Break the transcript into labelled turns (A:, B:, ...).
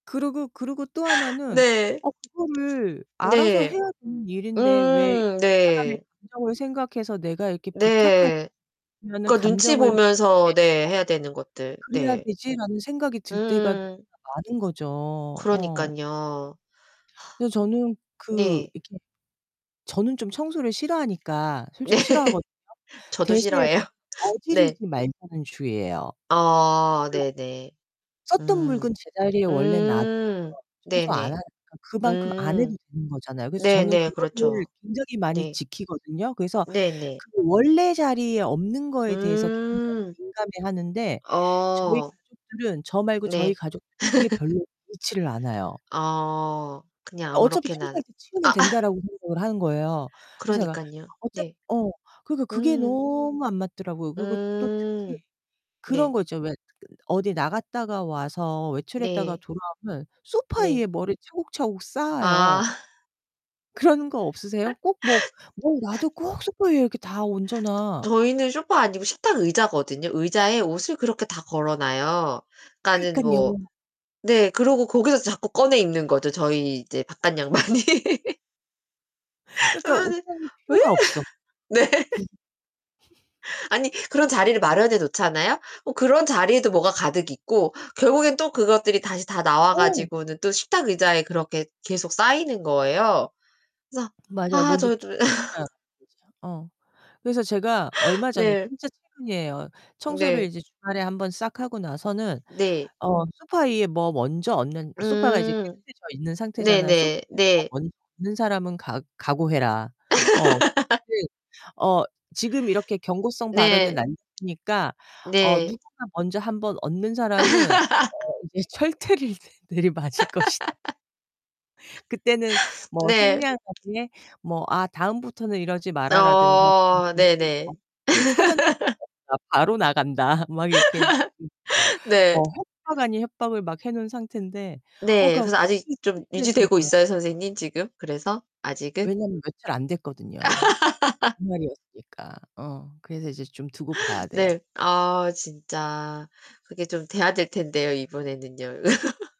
A: 그러고 그러고 또 하나는
B: 네.
A: 어' 그거를 알아서
B: 네.
A: 해야 되는 일인데 왜 이
B: 음
A: 사람의
B: 네.
A: 감정을 생각해서 내가 이렇게
B: 네.
A: 부탁하라는
B: 그니까 눈치
A: 감정을
B: 보면서
A: [unintelligible]
B: 네 해야 되는 것들
A: 그래야
B: 네.
A: 되지?'라는 생각이 들 때가
B: 음.
A: [unintelligible] 많은 거죠. 어.
B: 그러니깐요.
A: 그래서 저는 그
B: 네.
A: 이렇게 저는 좀 청소를 싫어하니까
B: 네.
A: 솔직히 싫어하거든요.
B: 저도
A: 대신에 저는
B: 싫어해요. 네.
A: 어지르지 말자는 주의예요.
B: 아 네네.
A: [unintelligible] 썼던
B: 음.
A: 물건 제자리에 원래 놔두면
B: 음.
A: 청소 안
B: 네네.
A: 하니까 그만큼 안
B: 음.
A: 해도 되는 거잖아요. 그래서 저는
B: 네네
A: 그거를
B: 그렇죠.
A: 굉장히 많이
B: 네.
A: 지키거든요? 그래서
B: 네네.
A: 그 원래 자리에 없는 거에 대해서 굉장히
B: 음.
A: 민감해하는데 저희
B: 어.
A: 가족들은 저 말고 저희
B: 네.
A: 가족 그게 별로 있지를 않아요.
B: 어. 그냥
A: 아 '어차피
B: 아무렇게나
A: 청소할 때 치우면
B: 아.
A: 된다'라고 생각을 하는 거예요. 그래서 제가
B: 그러니깐요.
A: 어차피
B: 네.
A: 어 그러니까 그게
B: 음.
A: 너무 안 맞더라고요. 그리고 또 특히
B: 음.
A: 그런
B: 네.
A: 거 있죠? 왜 어디 나갔다가 와서 외출했다가
B: 네.
A: 돌아오면 소파
B: 네.
A: 위에 뭐를 차곡차곡
B: 아.
A: 쌓아요. 그런 거 없으세요? 꼭 뭐 뭐 와도 꼭 소파 위에 이렇게 다 얹어놔.
B: 저희는 소파 아니고 식탁 의자거든요. 의자에 옷을 그렇게 다 걸어놔요. 그니까는
A: 그러니깐요.
B: 뭐 네. 그러고 거기서 자꾸 꺼내 입는 거죠. 저희 이제 바깥양반이.
A: 그러니까
B: 아니
A: 옷장이
B: 왜?
A: 필요가 없어.
B: 네. 아니 그런 자리를 마련해 놓잖아요? 어 그런 자리에도 뭐가 가득 있고 결국엔 또 그것들이 다시 다 나와
A: 어.
B: 가지고는 또 식탁 의자에 그렇게 계속 쌓이는 거예요. 그래서
A: 맞아요.
B: 아
A: 먼저.
B: 저도
A: [unintelligible] 어. 그래서 제가 얼마 전에
B: 네.
A: 진짜 최근이에요. 청소를
B: 네.
A: 이제 주말에 한번 싹 하고 나서는
B: 네.
A: 어 소파 위에 뭐 먼저 얹는 소파가 이제
B: 음.
A: 깨끗해져 있는 상태잖아요. "소파
B: 네네.
A: 위에 뭐
B: 네.
A: 얹는 사람은 각 각오해라." 어. [unintelligible] 어 지금 이렇게 경고성 발언을
B: 네.
A: 남기니까 어
B: 네.
A: "누군가 먼저 한번 얹는 사람은 어 이제 철퇴를 내리 맞을 것이다." "그때는 뭐
B: 네.
A: 상냥하게 뭐 '아 다음부터는 이러지 마라.'라든가
B: 어 네네.
A: [unintelligible] 사전 [unintelligible] 바로 나간다." 막 이렇게. [unintelligible]
B: 네.
A: 어 협박 아닌 협박을 막 해놓은 상태인데 어
B: 네
A: 그니까.
B: 그래서 아직 좀 유지되고
A: [unintelligible]
B: 있어요 선생님 지금 그래서? 아직은?
A: 왜냐하면 며칠 안 됐거든요 주말이었으니까. 어 그래서 이제 좀 두고 봐야
B: 네.
A: 돼요.
B: 아 진짜 그게 좀 돼야 될 텐데요 이번에는요.